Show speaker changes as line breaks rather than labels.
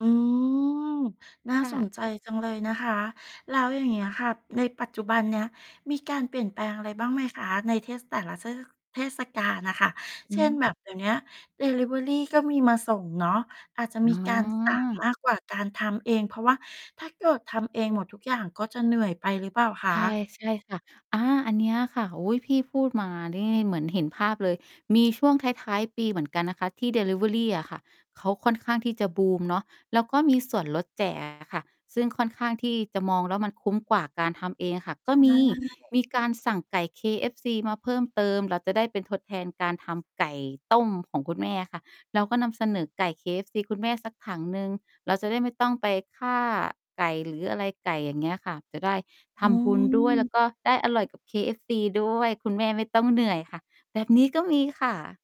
อืม น่า
ค่
ส
ะ
นใจจังเลยนะคะ แล้วอย่างเงี้ยค่ะ ในปัจจุบันเนี้ยมีการเปลี่ยนแปลงอะไรบ้างไหมคะ? ในเทศ แต่ละเทศ เทศกาลน่ะค่ะ
อ
เ
ื
ช่น
ม
แบบเดี๋ยวเนี้ยดิลิเวอรีก็มีมาส่งเนาะ อาจจะ
อ
มี
๋
การ สั่ง
อ
มากกว่าการทำเอง เพราะว่าถ้าเกิดทำเองหมดทุกอย่างก็จะเหนื่อยไปหรือเปล่าค
ใ
ะ?
ช่ ใช่ค่ะ อา อันเนี้ยค่ะ อุ๊ย! พี่พูดมานี่เหมือนเห็นภาพเลย มีช่วงท้าย ๆ ปีเหมือนกันนะคะ ที่ดิลิเวอรีอะค่ะ เขาค่อนข้างที่จะบูมเนาะ แล้วก็มีส่วนลด แจก อะค่ะ ซึ่งค่อนข้างที่จะ มองแล้วมันคุ้มกว่าการทำเองอะค่ะ
ใ
ก
ช
็มี
่
มีการสั่งไก่ KFC มาเพิ่มเติม เราจะได้เป็น ทดแทนการทำไก่ต้มของคุณแม่อะค่ะ เราก็นำเสนอไก่ KFC คุณแม่สักถังหนึ่ง เราจะได้ไม่ต้องไปฆ่าไก่หรืออะไรไก่ อย่างเงี้ยค่ะ จะได้ท
อื
ำบุญด้วย แล้ว
ม
ก็ได้อร่อยกับ KFC ด้วย คุณแม่ไม่ต้องเหนื่อยค่ะ แบบนี้ก็มีค่ะ